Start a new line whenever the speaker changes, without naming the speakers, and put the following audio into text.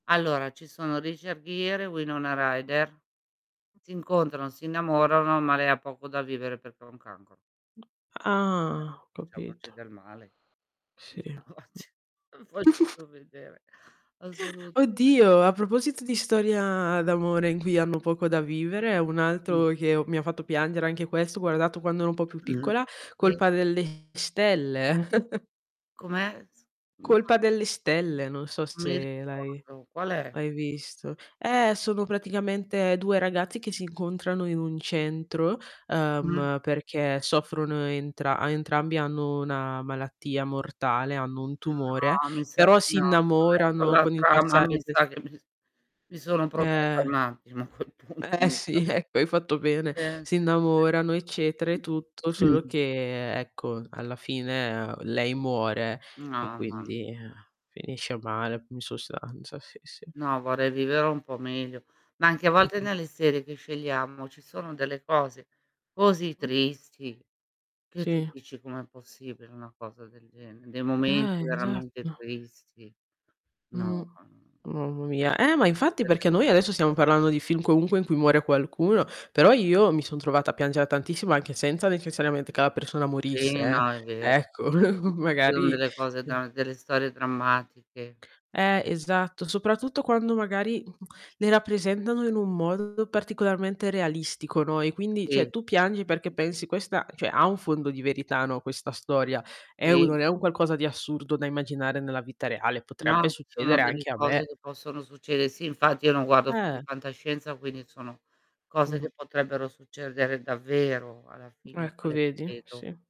Allora, ci sono: Richard Gere e Winona Rider. Si incontrano, si innamorano, ma lei ha poco da vivere perché ha un cancro. Cioè,
Ah, ho
facciamoci
capito.
del male.
Sì. Mh.
[unintelligible] Voglio proprio vedere. Assolutame
Oddio, a proposito di storia d'amore in cui hanno poco da vivere, un
Mh.
altro che ho mi ha fatto piangere anche questo, ho guardato quando ero un po' più piccola:
Sì.
Colpa delle stelle.
Com'è? S [unintelligible]
Colpa delle stelle, non so
Non mi
se l'hai
ricordo. Qual è?
l'hai visto. Eh, sono praticamente 2 ragazzi che si incontrano in un centro,
Mh.
uhm, perché soffrono entra a entrambi hanno una malattia mortale, hanno un tumore,
No, mi sa
però
di
si
no, [unintelligible] con
innamorano con il
l'altra ma
passare
mi
del
sa che mi s mi sono protetta
Eh.
un attimo, a quel punto,
Eh,
mi sa.
sì, ecco hai fatto bene.
Sì.
Si innamorano, eccetera, e
sì,
tutto,
sì.
solo che ecco, alla fine lei muore e
No, no.
quindi, eh, finisce male, mhmm, in sostanza. Sì, sì.
No, vorrei vivere un po' meglio. Ma anche a volte
Mh-mh.
nelle serie che scegliamo, ci sono delle cose così
Mh.
tristi, che tu
Sì.
dici: "Com'è possibile una cosa del gene" Dei momenti
Eh,
veramente
esatto.
tristi.
Mh.
No, no.
Mamma mia. Eh, ma infatti perché noi adesso stiamo
[unintelligible]
parlando di film comunque in cui muore qualcuno. Però, io mi son trovata a piangere tantissimo anche senza necessariamente che la persona morisse,
Sì,
eh.
no, è vero.
Ecco
[unintelligible] ci sono
magari
delle cose da delle storie drammatiche.
Eh, esatto. Soprattutto quando magari, mhmm, le rappresentano in un modo particolarmente realistico, no, e quindi,
Sì.
cioè,
Sì,
tu piangi perché
sì, sì.
pensi: "Questa, cioè, ha un fondo di verità, no, questa storia. È un
Sì.
non è un qualcosa di assurdo da immaginare nella vita reale, potrebbe
No. Sono
succedere
delle
anche a
cose
me."
che possono succede Sì, infatti io non guardo film
Eh.
di fantascienza, quindi sono cose
Mh-mh.
che potrebbero succedere davvero alla fine
Ecco,
quale
vedi?
credo.
Sì.